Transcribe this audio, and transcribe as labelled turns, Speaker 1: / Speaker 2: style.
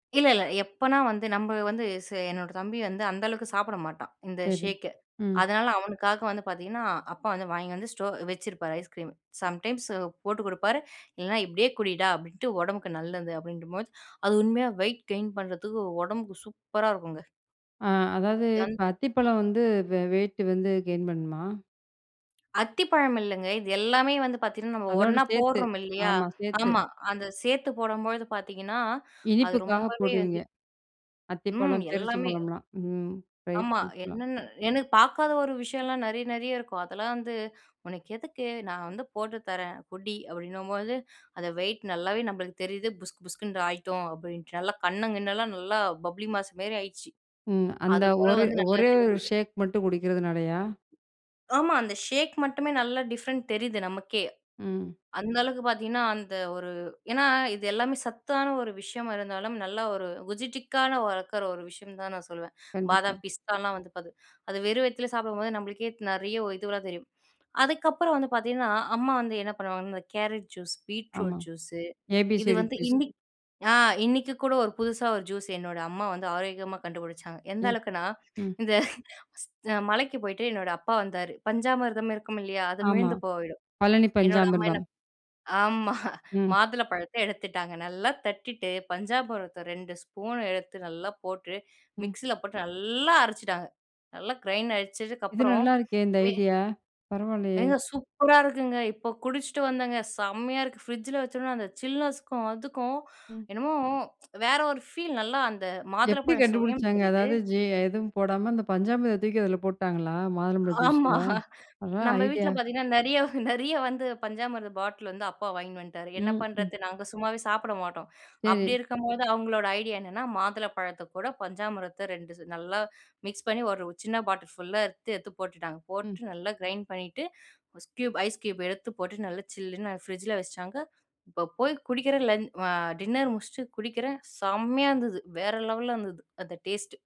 Speaker 1: இல்ல, இல்ல. எப்போனா வந்து நம்ம வந்து ச என்னோட தம்பி வந்து அந்த அளவுக்கு சாப்பட மாட்டான், இந்த
Speaker 2: சரி.
Speaker 1: ஷேக்கு.
Speaker 2: ம்.
Speaker 1: அதனால அவனுக்காக வந்து பாத்தீங்கன்னா, அப்பா வந்து வாங்கி வந்து ஸ்டோ வச்சிருப்பாரு ஐஸ்கிரீம். சம்டைம்ஸ் போட்டு குடுப்பாரு, இல்லனா இப்டியே குடிடா அப்டின்ட்டு. உடம்புக்கு நல்லது அப்டின்றபோது அது உண்மையா வெயிட் கெயின் பண்றத்துக்கு உடம்புக்கு சூப்பரா இருக்குங்க.
Speaker 2: ஆ. அதாவது
Speaker 1: தன்
Speaker 2: இப்ப அத்திப்பழம் வந்து வெ வெயிட்டு வந்து கெயின் பண்ணுமா?
Speaker 1: அத்திப்பழம் இல்லங்க. இது எல்லாமே வந்து பாத்தீங்கன்னா, நம்ம
Speaker 2: அதோட
Speaker 1: ஒண்ணா
Speaker 2: சேர்த்து,
Speaker 1: போட்றோம் இல்லையா?
Speaker 2: ஆமா சேர்த்து.
Speaker 1: ஆமா அந்த சேர்த்து போடும்பொழுது பாத்தீங்கன்னா, அது
Speaker 2: இனிப்புக்காக
Speaker 1: ரொம்பவே
Speaker 2: போடுவீங்க.
Speaker 1: வந்து ம்.
Speaker 2: அத்திப்பழம்,
Speaker 1: எல்லாமே.
Speaker 2: பேரிச்சம்பழம்லாம். ம். ட்ரை
Speaker 1: ஆமா.
Speaker 2: ஃப்ரூட்ஸ்லாம்.
Speaker 1: என்னென்னு எனக்கு பாக்காத ஒரு விஷயம்லாம் நெறைய நெறைய இருக்கும். அதெல்லாம் வந்து உனக்கு எதுக்கு? நான் வந்து போட்டு தரேன் குடி அப்படின்னும்போது. அத வெயிட் நல்லாவே நம்மளுக்கு தெரியுது. புஸ்கு புஸ்குன்னு ஆயிட்டோம் அப்படின்ட்டு. நல்லா கண்ணு கிண்ணலாம் நல்லா பப்ளி மாஸ் மாரி ஆயிட்ச்சு.
Speaker 2: ம். அந்த
Speaker 1: அது போல
Speaker 2: ஒரு
Speaker 1: வந்து நல்லா
Speaker 2: ஒரே ஒரு
Speaker 1: தெரிஞ்சுது.
Speaker 2: ஷேக் மட்டும் குடிக்கிறதுனாலயா?
Speaker 1: ஆமா அந்த ஷேக் மட்டுமே நல்லா டிஃபரண்ட் தெரியுது நமக்கே.
Speaker 2: ம்.
Speaker 1: அந்த அளவுக்கு பாத்தீங்கன்னா, அந்த ஒரு ஏன்னா இது எல்லாமே சத்தான ஒரு விஷயமா இருந்தாலும். நல்லா ஒரு குஜிட்டிக்கான வளர்க்கிற ஒரு விஷயம் தான் நான் சொல்லுவேன்.
Speaker 2: கண்டிப்பா.
Speaker 1: பாதாம், பிஸ்தாலாம் வந்து பாத் அது வெறும் வயித்துலே சாப்டும்போது நம்மளுக்கே நெறைய இதுவெல்லாம் தெரியும். அதுக்கப்புறம் வந்து பாத்தீங்கன்னா, அம்மா வந்து என்ன பண்ணுவாங்கன்னா இந்த கேரட் ஜூஸ்,
Speaker 2: ஆமா.
Speaker 1: Beetroot juice. இது
Speaker 2: ஏபிசிடி
Speaker 1: வந்து
Speaker 2: ஜூஸ்.
Speaker 1: இன்னிக்கு ஆ இன்னைக்கு கூட ஒரு புதுசா ஒரு ஜூஸ் என்னோட அம்மா வந்து ஆரோக்கியமா கண்டுபுடிச்சாங்க. எந்த
Speaker 2: ம்.
Speaker 1: அளவுக்குனா
Speaker 2: ம்.
Speaker 1: இந்த மலைக்கு போயிட்டு என்னோட அப்பா வந்தாரு. பஞ்சாமிர்தம் இருக்கும் இல்லையா, அது
Speaker 2: ஆமா.
Speaker 1: மீந்தது போயிடும்
Speaker 2: பழனி
Speaker 1: என்னோட அம்மா என்ன
Speaker 2: பஞ்சாமிர்தம்.
Speaker 1: ஆமா.
Speaker 2: ம்.
Speaker 1: மாதுளை பழத்த எடுத்துட்டாங்க. நல்லா தட்டிட்டு பஞ்சாமிர்தத்த 2 ஸ்பூன் எடுத்து நல்லா போட்டு
Speaker 2: ம்.
Speaker 1: மிக்ஸியில போட்டு, நல்லா அரைச்சிட்டாங்க. நல்லா கிரைண்ட்
Speaker 2: இது
Speaker 1: அரைச்சதுக்கப்புறம்.
Speaker 2: நல்லா இருக்கே! இந்த
Speaker 1: மே
Speaker 2: ஐடியா. பரவாயில்லையே!
Speaker 1: ஏங்க சூப்பரா இருக்குங்க. இப்போ குடிச்சிட்டு வந்தங்க. செம்மையா இருக்குது. ஃப்ரிட்ஜில வச்சோம்னா அந்த சில்னஸுக்கும், அதுக்கும்,
Speaker 2: ம்.
Speaker 1: என்னமோ வேற ஒரு ஃபீல் நல்லா அந்த மாதுளை
Speaker 2: எப்படி
Speaker 1: பழம் சுவையும்
Speaker 2: கண்டுபுடிச்சாங்க?
Speaker 1: தெரியுது.
Speaker 2: அதாவது ஜே எதுவும் போடாம அந்த பஞ்சாமிர்த இத தூக்கி அதுல போட்டாங்களா, மாதுளம்பழம்
Speaker 1: ஆமா
Speaker 2: ஜூஸில? அதான்
Speaker 1: நம்ம வீட்ல
Speaker 2: ஐடியா.
Speaker 1: பாத்தீங்கன்னா, நெறைய நெறைய வந்து பஞ்சாமிர்த பாட்லு வந்து அப்பா வாங்கின் வன்ட்டாரு. என்ன
Speaker 2: ம். ம்.
Speaker 1: பண்றத்து, நாங்க சும்மாவே சாப்பட மாட்டோம். அப்படி
Speaker 2: சரி.
Speaker 1: இருக்கும்போது அவங்களோட ஐடியா என்னன்னா, மாதுள பழத்த கூட பஞ்சாமிரத்த 2 நல்லா மிக்ஸ் பண்ணி, ஒரு சின்ன பாட்டல் ஃபுல்லா எடுத்து, எடுத்து போட்டுட்டாங்க.
Speaker 2: ம்.
Speaker 1: போட்டு நல்லா கிரைண்ட் பண்ணிட்டு. கியூப் ஐஸ் கியூப் எடுத்து போட்டு நல்லா சில்லுன்னு ஃப்ரிட்ஜில வச்சுட்டாங்க. இப்போ போய் குடிக்கிறன், லன் அ டின்னர் முடிச்சுட்டு குடிக்கிறன். செம்மையா இருந்தது. வேற லெவல்ல இருந்துது அந்த டேஸ்ட்டு.